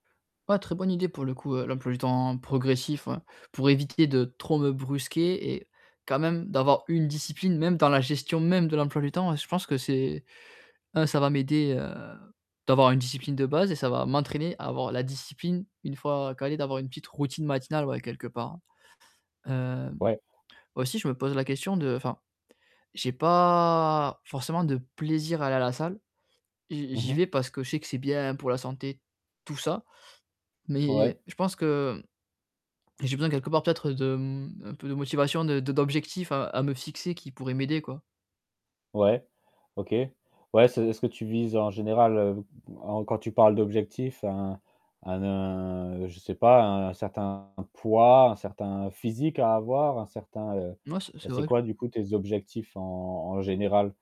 Ouais, très bonne idée pour le coup, heu, l'emploi du temps progressif, ouais. Pour éviter de trop me brusquer et quand même, d'avoir une discipline, même dans la gestion-même de l'emploi du temps. Je pense que c'est non, ça va m'aider, heu, d'avoir une discipline de base et ça va m'entraîner à avoir la discipline, une fois calé, d'avoir une petite routine matinale, ouais quelque part. Hem, Ouais. aussi je me pose la question de enfin, j'ai pas forcément de plaisir à aller à la salle et j Mmh j'y mh. vais, parce que je sais que c'est bien pour la santé, tout ça. Mais Ouais. je pense que, j'ai besoin quelque part peut-être d'un peu de motivation, de de d'objectifs à à me fixer qui pourraient m'aider, quoi. Ouais, OK. Ouais, c'est est-ce que tu vises en général, en en quand tu parles d'objectifs, un un a un, je sais pas, un certain poids, un certain physique à avoir, un certain, heu Non, c'est c'est c'est vrai quoi, du coup, tes objectifs en en général?